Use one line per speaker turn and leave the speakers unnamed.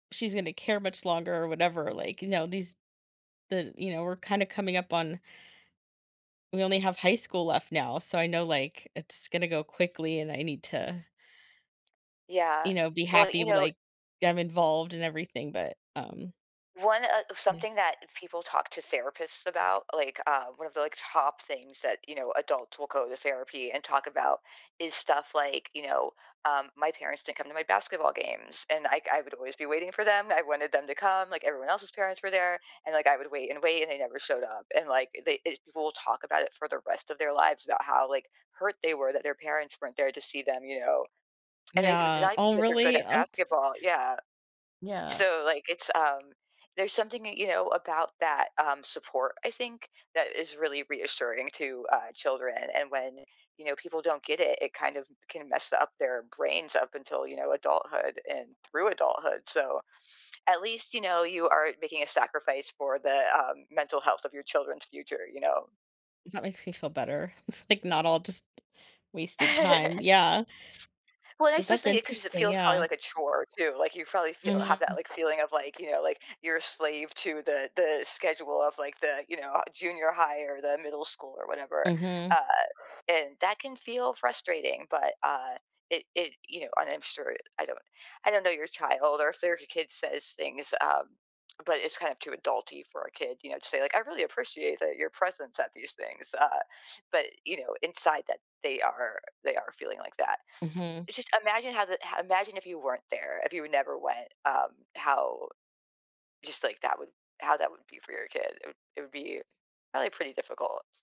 She's gonna care much longer or whatever, like, you know, these the you know, we're kinda coming up on we only have high school left now, so I know, like, it's gonna go quickly and I need to
Yeah,
you know, be
well,
happy
you
with,
know
like, them involved and everything, but, um
one uh of
Yeah
something that people talk to therapists about, like, uh, one of the, like, top things that, you know, adults will go to therapy and talk about is stuff like, you know, um, "My parents didn't come to my basketball games and I I would always be waiting for them, I wanted them to come, like everyone else's parents were there, and, like, I would wait and wait and they never showed up." And, like, they e people will talk about it for the rest of their lives about how, like, hurt they were that their parents weren't there to see them, you know, and they
Yeah,
decided
oh,
because they're good
really?
at
Oh, tiss
basketball, yeah.
Yeah.
So like it's, um, there's something that you know about that, um, support, I think, that is really reassuring to, uh, children, and when you know people don't get it, it kind of can mess up their brains up until, you know, adulthood and through adulthood, so, at least, you know, you are making a sacrifice for the, uh, mental health of your children's future, you know.
Is that makes me feel better, it's, like, not all just wasted time yeah
Well, I
But that's
especially 'cause it
interesting,
feels probably
yeah.
like a chore too, like, you probably feel have that,
Mhm.
like, feeling of, like, you know, like, you're a slave to the the schedule of, like, the, you know, uh, junior high or the middle school or whatever,
Mhm.
uh, and that can feel frustrating, but, uh, it it you know, and I'm sure I don't I don't know your child or if their kid says things, uh, but it's kind of too adulty for a kid, you know, to say, "I really appreciate that your presence at these things," uh, but, you know, inside that they are they are feeling like that.
Mhm.
It's just imagine how the imagine if you weren't there, if you never went, um, how just, like, that would how that would be for your kid. It would it would be probably pretty difficult.